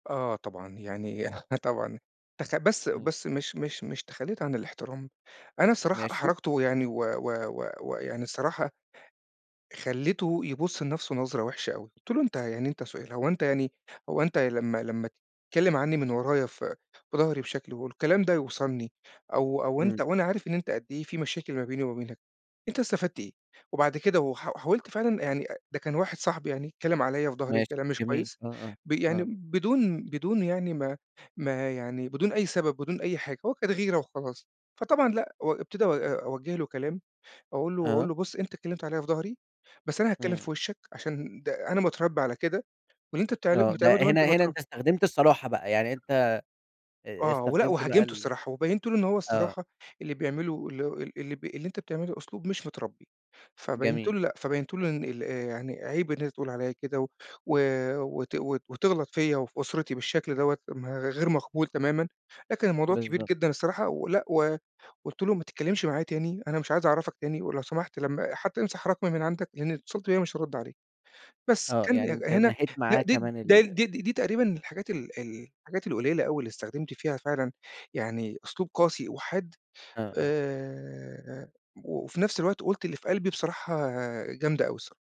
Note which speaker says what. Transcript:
Speaker 1: آه طبعًا يعني آه طبعًا تخ بس
Speaker 2: إمم.
Speaker 1: بس مش مش مش تخلّيت عن الإحترام، أنا الصراحة
Speaker 2: ماشي.
Speaker 1: أحرجته ويعني و و و و يعني الصراحة خلّيته يبُص لنفسه نظرة وِحشة أوي، قُلت له: "أنت يعني أنت سؤال هو أنت يعني هو أنت لما لما تتكلم عنّي من ورايا ف في ضهري بشكل والكلام ده يوصلني أو أو أنت
Speaker 2: إمم.
Speaker 1: وأنا عارف إن أنت قد إيه في مشاكل ما بيني وما بينك، أنت استفدت إيه؟" وبعد كده و ح حاولت فعلًا يعني أ ده كان واحد صاحبي يعني، اتكلم عليَّ في ضهري
Speaker 2: ماشي
Speaker 1: كلام مش
Speaker 2: جميل
Speaker 1: كويس
Speaker 2: آه، آه،
Speaker 1: ب يعني
Speaker 2: آه.
Speaker 1: بدون بدون يعني ما ما يعني بدون أي سبب بدون أي حاجة، هو كانت غيرة وخلاص، فطبعًا لأ و ابتدا أ أوجه له كلام أقول له أقول
Speaker 2: آه.
Speaker 1: له: "بُص أنت اتكلمت عليَّ في ضهري، بس أنا هاتكلم في
Speaker 2: إمم.
Speaker 1: وشّك عشان د أنا متربى على كده، واللي أنت بتعل ده
Speaker 2: آه
Speaker 1: بتعمله
Speaker 2: ده
Speaker 1: ده وأنت
Speaker 2: هنا هنا
Speaker 1: مترب"
Speaker 2: أنت استخدمت الصراحة بقى، يعني أنت آآ
Speaker 1: آه ولأ
Speaker 2: استخدمت بقى
Speaker 1: وهاجمته
Speaker 2: ال
Speaker 1: الصراحة، وبيّنت له إن هو
Speaker 2: آه.
Speaker 1: الصراحة اللي بيعمله اللي هُ ال اللي ب اللي أنت بتعمله أسلوب مش متربّي، فبيّنت
Speaker 2: جميل.
Speaker 1: له لأ، فبيّنت له إن ال آآ يعني عيب إن أنت تقول عليَّ كده، و و وت وت وتغلط فيَّ وفي أُسرتي بالشكل دوّة، م غير مقبول تمامًا، لكن الموضوع كبير
Speaker 2: بالضبط.
Speaker 1: جدًا الصراحة، ولأ و قُلت له: "ما تتكلمش معايا تاني، أنا مش عايز أعرفك تاني، ولو سمحت لمّا حتى امسح رقمي من عندك لإن لو اتصلت بيَّا مش هارُدّ عليك." بس
Speaker 2: آه
Speaker 1: كان ي
Speaker 2: يعني أنت
Speaker 1: هنا
Speaker 2: نهيت
Speaker 1: لأ
Speaker 2: معاه
Speaker 1: دي
Speaker 2: كمان
Speaker 1: ده
Speaker 2: ال
Speaker 1: دي دي دي تقريبًا الحاجات ال ال الحاجات القليلة أوي، اللي استخدمت فيها فعلًا يعني أسلوب قاسي وحاد،
Speaker 2: آه، آه.
Speaker 1: آآ وفي نفس الوقت قُلت اللي في قلبي بصراحة جامدة أوي الصرا